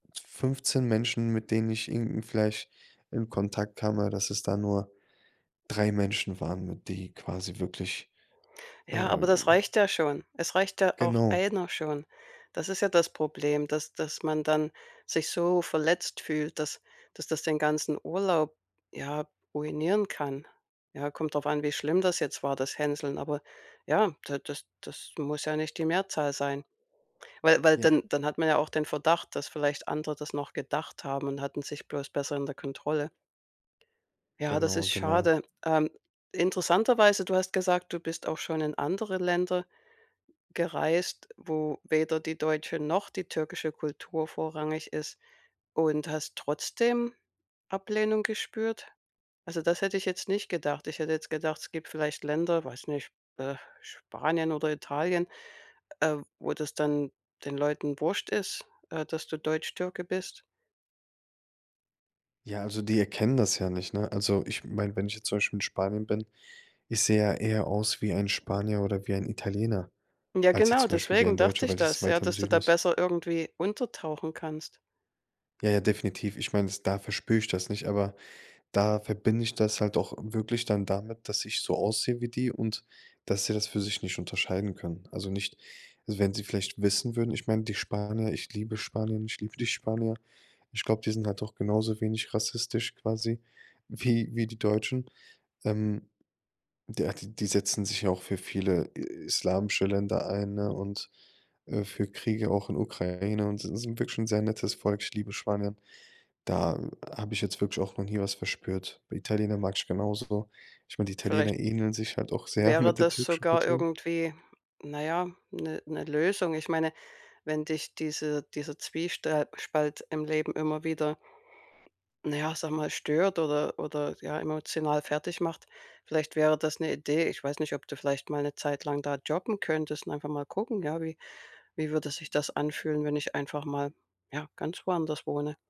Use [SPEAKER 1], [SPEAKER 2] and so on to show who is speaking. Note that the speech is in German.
[SPEAKER 1] 15 Menschen, mit denen ich irgendwie vielleicht in Kontakt kam, aber dass es da nur 3 Menschen waren, die quasi wirklich,
[SPEAKER 2] Ja, aber das
[SPEAKER 1] ähm
[SPEAKER 2] reicht ja schon. Es reicht ja auch
[SPEAKER 1] Genau.
[SPEAKER 2] 1 schon. Das ist ja das Problem, dass dass man dann sich so verletzt fühlt, dass dass das den ganzen Urlaub, ja, ruinieren kann. Ja, kommt drauf an, wie schlimm das jetzt war, das Hänseln, aber ja, da das das muss ja nicht die Mehrzahl sein. Weil weil
[SPEAKER 1] Ja.
[SPEAKER 2] dann dann hat man ja auch den Verdacht, dass vielleicht andere das noch gedacht haben und hatten sich bloß besser in der Kontrolle. Ja, das
[SPEAKER 1] Genau,
[SPEAKER 2] ist
[SPEAKER 1] genau.
[SPEAKER 2] schade. Ähm, interessanterweise du hast gesagt, du bist auch schon in andere Länder gereist, wo weder die deutsche noch die türkische Kultur vorrangig ist und hast trotzdem Ablehnung gespürt. Also, das hätte ich jetzt nicht gedacht. Ich hätte jetzt gedacht, es gibt vielleicht Länder, weiß nicht, äh, Spanien oder Italien, äh, wo das dann den Leuten wurst ist, äh, dass du Deutschtürke bist.
[SPEAKER 1] Ja, also die erkennen das ja nicht, ne? Also, ich meine, wenn ich jetzt zum Beispiel in Spanien bin ich sehe ja eher aus wie ein Spanier oder wie ein Italiener
[SPEAKER 2] Ja,
[SPEAKER 1] als jetzt
[SPEAKER 2] genau.
[SPEAKER 1] zum Beispiel wie
[SPEAKER 2] Deswegen
[SPEAKER 1] ein
[SPEAKER 2] dachte
[SPEAKER 1] Deutscher,
[SPEAKER 2] ich
[SPEAKER 1] weil es
[SPEAKER 2] das, ja,
[SPEAKER 1] weiter im
[SPEAKER 2] dass du
[SPEAKER 1] Süden
[SPEAKER 2] da
[SPEAKER 1] ist.
[SPEAKER 2] besser irgendwie untertauchen kannst.
[SPEAKER 1] Ja, ja, definitiv. Ich meine es da verspür ich das nicht, aber da verbinde ich das halt auch wirklich dann damit, dass ich so aussehe wie die und dass sie das für sich nicht unterscheiden können. Also nicht wenn sie vielleicht wissen würden ich meine, die Spanier, ich liebe Spanien, ich liebe die Spanier. Ich glaube, die sind halt doch genauso wenig rassistisch quasi wie wie die Deutschen. Ähm, der die setzen sich ja auch für viele, äh, islamische Länder ein, ne? Und, äh, für Kriege auch in Ukraine und s sind wirklich 'n sehr nettes Volk. Ich liebe Spanier. Da habe ich jetzt wirklich auch noch nie was verspürt. Bei Italienern mag ich genau so. Ich meine, die Italiener
[SPEAKER 2] Vielleicht
[SPEAKER 1] ähneln sich halt auch sehr
[SPEAKER 2] wäre
[SPEAKER 1] mit der
[SPEAKER 2] das
[SPEAKER 1] türkischen
[SPEAKER 2] sogar
[SPEAKER 1] Kultur.
[SPEAKER 2] irgendwie, na ja, 'ne 'ne Lösung. Ich meine, wenn dich diese dieser Zwiestr Spalt im Leben immer wieder na ja, ich sage mal stört oder oder ja, emotional fertigmacht. Vielleicht wäre das 'ne Idee. Ich weiß nicht, ob du vielleicht mal 'ne Zeit lang da jobben könntest und einfach mal gucken, ja, wie wie würde sich das anfühlen, wenn ich einfach mal, ja, ganz woanders wohne.